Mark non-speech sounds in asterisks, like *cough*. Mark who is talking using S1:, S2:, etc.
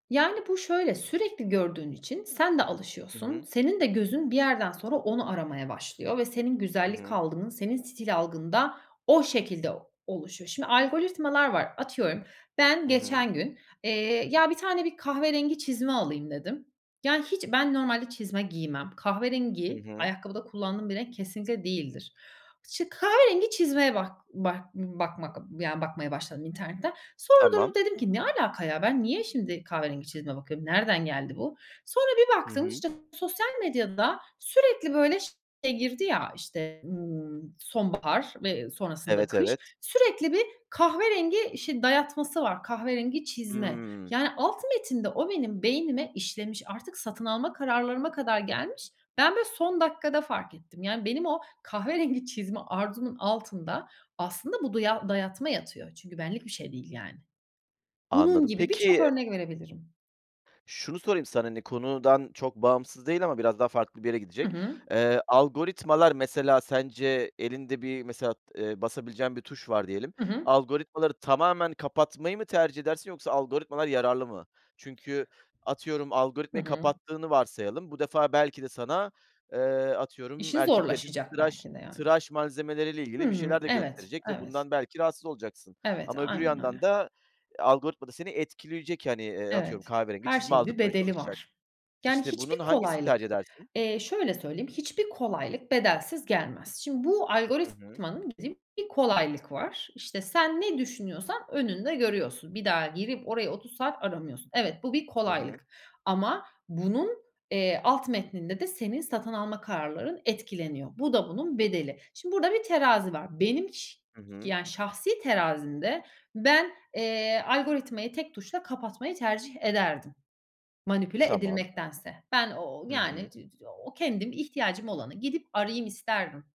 S1: Yani, bu şöyle, sürekli gördüğün için sen de
S2: Hı
S1: alışıyorsun.
S2: hı.
S1: Senin de gözün bir yerden sonra onu aramaya başlıyor ve senin
S2: Hı
S1: güzellik
S2: hı.
S1: algın, senin stil algın da o şekilde oluşuyor. Şimdi, algoritmalar var. Atıyorum ben
S2: Hı hı.
S1: geçen gün, eee, ya, 1 tane bir kahverengi çizme alayım dedim. Yani, hiç ben normalde çizme giymem.
S2: Hı
S1: Kahverengi,
S2: hı.
S1: ayakkabıda kullandığım bir renk kesinlikle değildir. İşte, kahverengi çizmeye bak bak b bakmak, yani, bakmaya başladım internetten. Sonra durdum
S2: Tamam.
S1: dedim ki: "Ne alaka, ya? Ben niye şimdi kahverengi çizme bakıyorum? Nereden geldi bu?" Sonra bir
S2: Hı
S1: baktım,
S2: hı.
S1: işte, sosyal medyada sürekli, böyle, şey girdi ya, işte, ımm, sonbahar ve, ııı, sonrasında
S2: Evet,
S1: kış,
S2: evet.
S1: sürekli bir kahverengi şey dayatması var, kahverengi çizme.
S2: Hıı.
S1: Yani, alt metinde o benim beynime işlemiş, artık satın alma kararlarıma kadar gelmiş. Ben, böyle, son dakikada fark ettim. Yani, benim o kahverengi çizme arzumun altında aslında bu duya dayatma yatıyor. Çünkü benlik bir şey değil, yani. Bunun
S2: Anladım.
S1: gibi birçok
S2: Peki
S1: örnek verebilirim.
S2: şunu sorayım sana, hani, konudan çok bağımsız değil ama biraz daha farklı bir yere
S1: Hı
S2: gidecek.
S1: hı.
S2: Eee, algoritmalar mesela sence elinde bir, mesela, t eee, basabileceğin bir tuş var diyelim.
S1: Hı hı.
S2: Algoritmaları tamamen kapatmayı mı tercih edersin yoksa algoritmalar yararlı mı? Çünkü atıyorum
S1: Hı
S2: algoritmayı
S1: hı.
S2: kapattığını varsayalım, bu defa belki de sana, eee, atıyorum
S1: İşin
S2: erkekler için
S1: zorlaşacak
S2: tıraş
S1: belki de, yani.
S2: tıraş malzemeleriyle
S1: Hı
S2: ilgili bir
S1: hı.
S2: şeyler de
S1: Evet,
S2: gösterecek ve
S1: evet.
S2: bundan belki rahatsız olacaksın.
S1: Evet,
S2: Ama öbür
S1: aynen
S2: yandan
S1: öyle.
S2: da algoritma da seni etkileyecek, hani, eee, atıyorum,
S1: Evet,
S2: kahverengi
S1: her
S2: çizme
S1: şeyin bir
S2: aldırtmaya
S1: bedeli
S2: çalışacak.
S1: var. Yani,
S2: İşte,
S1: hiçbir
S2: bunun hangisini
S1: kolaylık,
S2: tercih edersin?
S1: eee, şöyle söyleyeyim, hiçbir kolaylık bedelsiz gelmez. Şimdi bu
S2: Hı hı.
S1: algoritmanın *unintelligible* bir kolaylık var. İşte, sen ne düşünüyorsan önünde görüyorsun. Bir daha girip orayı 30 saat aramıyorsun. Evet, bu bir
S2: Hı hı.
S1: kolaylık. Ama bunun, eee, alt metninde de senin satın alma kararların etkileniyor. Bu da bunun bedeli. Şimdi burada bir terazi var. Benim çi
S2: Hı hı.
S1: yani şahsi terazimde ben, eee, algoritmayı tek tuşla kapatmayı tercih ederdim manipüle
S2: Tamam.
S1: edilmektense. Ben o o
S2: Hı
S1: yani,
S2: hı.
S1: t t o kendim ihtiyacım olanı gidip arayayım isterdim.